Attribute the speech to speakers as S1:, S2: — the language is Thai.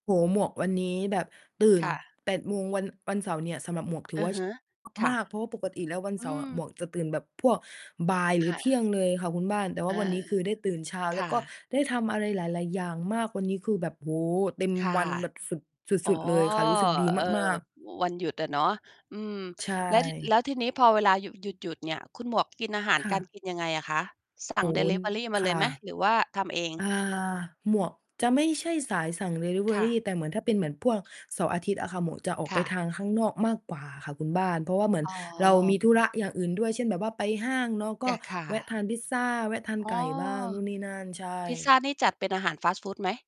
S1: โอ้โฮ หมวกวันนี้แบบตื่
S2: ค
S1: น
S2: ่ะ
S1: 8 โมง วัน วันเสาร์เนี่ย สำหรับหมวกถื
S2: อ
S1: อ
S2: ื
S1: ว
S2: อ
S1: ่า
S2: ฮ
S1: เช
S2: ึ
S1: ้า
S2: ค่
S1: ม
S2: ะ
S1: าก ๆ เพราะว่าปกติแล้ววัน
S2: อ
S1: เส
S2: ื
S1: าร์ หม
S2: ม
S1: วกจะตื่นแบบพวกบ่ายหรื
S2: ค
S1: อ
S2: ่
S1: เที่ย
S2: ะ
S1: งเลยค่ะคุณบ้าน แต่
S2: อา
S1: วันนี้คือได้ตื่นเช้าแ
S2: ค
S1: ล้ว
S2: ่ะ
S1: ก็ได้ทำอะไรหลาย ๆ อย่างมาก วันนี้คือแบบ โอ้โฮ เต็ม
S2: ค่ะ
S1: วันแบบสุด ส
S2: อ๋อ
S1: ุด ๆ เลยค่ะ รู้สึกดี
S2: เออ
S1: มาก ๆ
S2: วันหยุดอะเนาะ อืม
S1: ใช
S2: แล้ว ท แ
S1: ่
S2: ล้วทีนี้พอเวลาหยุด หยุด หยุดเนี่ย คุณหมวกกินอาหาร
S1: ค่
S2: กา
S1: ะ
S2: รกินยังไงอะคะ สั่
S1: โอ
S2: ง
S1: ้
S2: ด
S1: โ
S2: ิ
S1: ฮ
S2: ลิเวอรีมา
S1: ค
S2: เล
S1: ่
S2: ย
S1: ะ
S2: ไหม หรือว่าทำเอง?
S1: อา หมวกจะไม่ใช่สายสั่งดิลิเว
S2: ค
S1: อ
S2: ่
S1: ร
S2: ะ
S1: ี แต่เหมือนถ้าเป็นพวกเสาร์อาทิตย์อะค่ะ หมวกจะออก
S2: ค
S1: ไป
S2: ่
S1: ทา
S2: ะ
S1: งข้างนอกมากกว่าค่ะคุณบ้าน เพราะว่าเหมือน
S2: อ๋
S1: เราม
S2: อ
S1: ีธุระอย่างอื่นด้วย เช่นแบบว่าไปห้างเนาะก
S2: จ
S1: ็
S2: ้ะ ค่
S1: แวะท
S2: ะ
S1: านพิซซาแวะทาน
S2: อ
S1: ไ
S2: ๋
S1: ก
S2: อ
S1: ่บ้างนู่นนี่นั่น ใช
S2: พิซซา
S1: ่
S2: นี่จัดเป็นอาหารฟาสต์ฟูดไหม?